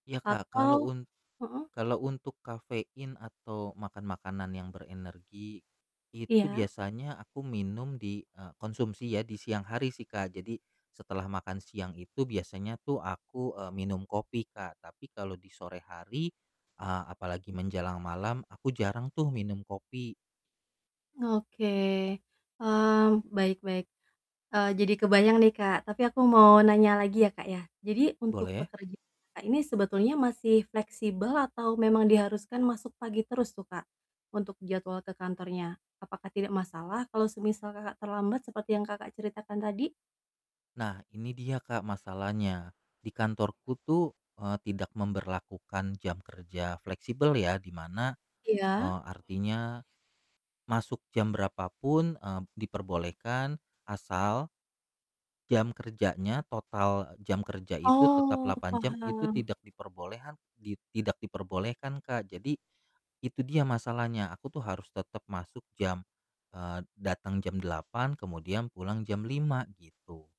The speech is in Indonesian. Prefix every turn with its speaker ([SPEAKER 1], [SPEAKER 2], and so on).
[SPEAKER 1] Iya Kak, kalau
[SPEAKER 2] Atau
[SPEAKER 1] un
[SPEAKER 2] heeh?
[SPEAKER 1] kalau untuk kafein atau makan makanan yang berenergi, itu
[SPEAKER 2] Iya?
[SPEAKER 1] biasanya aku minum di, e konsumsi ya di siang hari sih Kak, jadi setelah makan siang itu biasanya tuh aku, eee, minum kopi Kak, tapi kalau di sore hari, eee, apalagi menjelang malam, aku jarang tuh minum kopi.
[SPEAKER 2] Oke, eee, baik baik. E jadi kebayang nih, Kak. Tapi aku mau nanya lagi ya, Kak, ya. Jadi, untuk
[SPEAKER 1] Boleh.
[SPEAKER 2] pekerjaan Kakak ini sebetulnya masih fleksibel atau memang diharuskan masuk pagi terus tuh Kak, untuk jadwal ke kantornya? Apakah tidak masalah kalau semisal, Kakak terlambat seperti yang Kakak ceritakan tadi?
[SPEAKER 1] Nah, ini dia Kak masalahnya, di kantorku tuh, eee, tidak memberlakukan jam kerja fleksibel ya, di mana,
[SPEAKER 2] Iya.
[SPEAKER 1] eee, artinya masuk jam berapa pun, eee, diperbolehkan asal jam kerjanya, total jam kerja itu tetap
[SPEAKER 2] Oh.
[SPEAKER 1] 8 jam, itu
[SPEAKER 2] Paham.
[SPEAKER 1] tidak diperbolehan di tidak diperbolehkan Kak, jadi itu dia masalahnya, aku tuh harus tetap masuk jam, eee, datang jam 8.00 kemudian pulang jam 5.00 gitu